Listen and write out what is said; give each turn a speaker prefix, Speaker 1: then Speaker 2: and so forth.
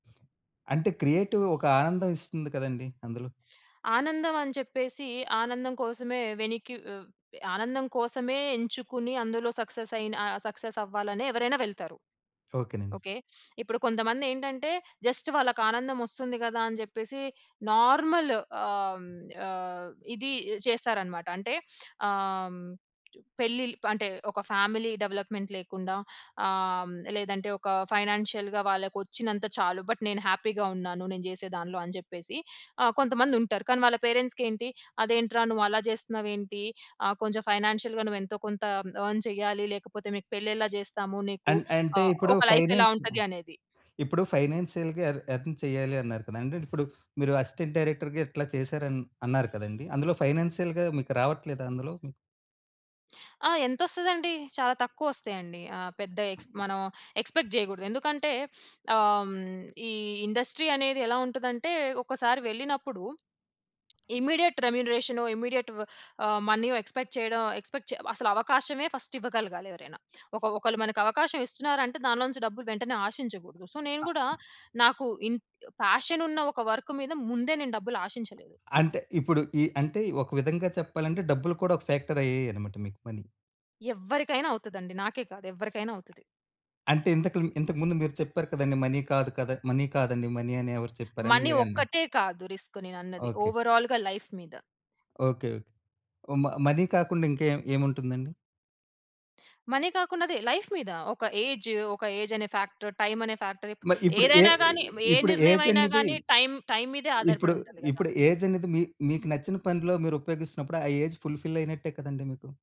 Speaker 1: అంటే క్రియేటివ్ ఒక ఆనందం ఇస్తుంది కదండీ! అందులో.
Speaker 2: ఆనందం అని చెప్పేసి ఆనందం కోసమే వెనిక్కి వె ఆనందం కోసమే ఎంచుకొని అందులో సక్సెసయిన సక్సెస్ అవ్వాలనే ఎవ్వరైనా వెళ్తారు.
Speaker 1: ఓకేనండి.
Speaker 2: ఓకే. ఇప్పుడు కొంతమందేంటంటే జస్ట్ వాళ్ళకానందం ఒస్తుంది గదా అని జెప్పేసి నార్మల్ ఆహ్, ఆహ్, ఇది చేస్తారన్నమాట. అంటే ఆహ్, పెళ్లిల్ అంటే ఒక ఫ్యామిలీ డెవలప్మెంట్ లేకుండా ఆహ్, లేదంటే ఒక ఫైనాన్షియల్‌‌గా వాళ్ళకి ఒచ్చినంత చాలు బట్ నేను హ్యాపీగా ఉన్నాను. నేను జేసే దానిలో అని జెప్పేసి ఆహ్, కొంతమందుంటారు. కానీ వాళ్ళ పేరెంట్స్‌కేంటి "అదేంట్రా నువ్వు అలా చేస్తున్నావేంటి? ఆహ్, కొంచెం ఫైనాన్షియల్‌గా నువ్వెంతో కొంత ఎర్న్ చేయాలి. లేకపోతే మీకు పెళ్లి ఎలా చేస్తాము. నీకు
Speaker 1: అన్ అంటే
Speaker 2: ఆహ్,
Speaker 1: ఇప్పుడు
Speaker 2: ఒక లైఫ్ ఎలా
Speaker 1: ఫైనాన్స్ ఆహ్,
Speaker 2: ఉంటది" అనేది.
Speaker 1: ఇప్పుడు ఫైనాన్షియల్‌గా ఎర్న్ ఎర్న్ చెయ్యాలి అన్నారు కదండీ! అంటే ఇప్పుడు మీరు అసిస్టెంట్ డైరెక్టర్‌గా ఇట్లా చేసారని అన్నారు కదండీ! అందులో ఫైనాన్షియల్‌గా మీకు రావట్లేదా అందులో? హ్మ్.
Speaker 2: ఆ! ఎంతోస్తదండి. చాలా తక్కువ ఒస్తాయండి. ఆహ్, పెద్ద ఎక్స్ మనం ఎక్స్‌పెక్ట్ జేయగూడదు. ఎందుకంటే ఆహ్, ఈ ఇండస్ట్రీ అనేది ఎలా ఉంటదంటే ఒకసారి వెళ్ళినప్పుడు ఇమ్మీడియేట్ రెమ్యునరేషనో, ఇమ్మీడియేట్ ఆహ్, మనీ ఎక్స్‌పెక్ట్ చేయడం ఎక్స్‌పెక్ట్ అసలు అవకాశమే ఫస్ట్ ఇవ్వగలగాలి ఎవరైనా. ఒక ఒకళ్ళు మనకు అవకాశం ఇస్తున్నారంటే దానిలో నుంచి డబ్బులు వెంటనే ఆషించగూడదు. సో నేను కూడా నాకు ఇన్ పాషన్ ఉన్న ఒక వర్క్ మీద ముందే నేను డబ్బులు ఆషించలేదు.
Speaker 1: అంటే ఇప్పుడు ఈ అంటే ఒక విధంగా చెప్పాలంటే డబ్బులు కూడా ఒక ఫ్యాక్టర్ అయ్యాయన్నమాట మీకు పని.
Speaker 2: ఎవ్వరికైనా అవుతదండి. నాకే కాదు ఎవరికైనా అవుతది.
Speaker 1: అంటే ఇంతకులు ఇంతకుముందు మీరు చెప్పారు కదండీ! మనీ కాదు కదా! మనీ కాదండి మనీ అని ఎవరు చెప్పారని
Speaker 2: మనీ
Speaker 1: మీరే అన్నారు.
Speaker 2: ఒక్కటే కాదు రిస్క్ నేనన్నది.
Speaker 1: ఓకే.
Speaker 2: ఓవరాల్‌గా లైఫ్ మీద.
Speaker 1: ఓకే. ఓ మ మని కాకుండా ఇంకేం ఏముంటుందండి?
Speaker 2: మనీ కాకుండా అదే లైఫ్ మీద. ఒక ఏజ్ ఒక ఏజనే ఫ్యాక్టరు టైమనే ఫ్యాక్టరు ఇపు
Speaker 1: మరి ఇప్పుడు ఏ
Speaker 2: ఏదైనా
Speaker 1: ఏ
Speaker 2: గాని ఏ
Speaker 1: ఇప్పుడు
Speaker 2: నిర్ణయం అయినా
Speaker 1: ఏజన్నది
Speaker 2: గాని టైమ్ టైమ్ మీదే
Speaker 1: ఇప్పుడు
Speaker 2: ఆధారపడి ఉంటది
Speaker 1: ఇప్పుడు
Speaker 2: గదా!
Speaker 1: ఏజన్నది మీ మీకు నచ్చిన పనులో మీరు ఉపయోగిస్తున్నప్పుడు ఆ ఏజ్ ఫుల్‌ఫిల్ అయినట్టే కదండీ మీకు.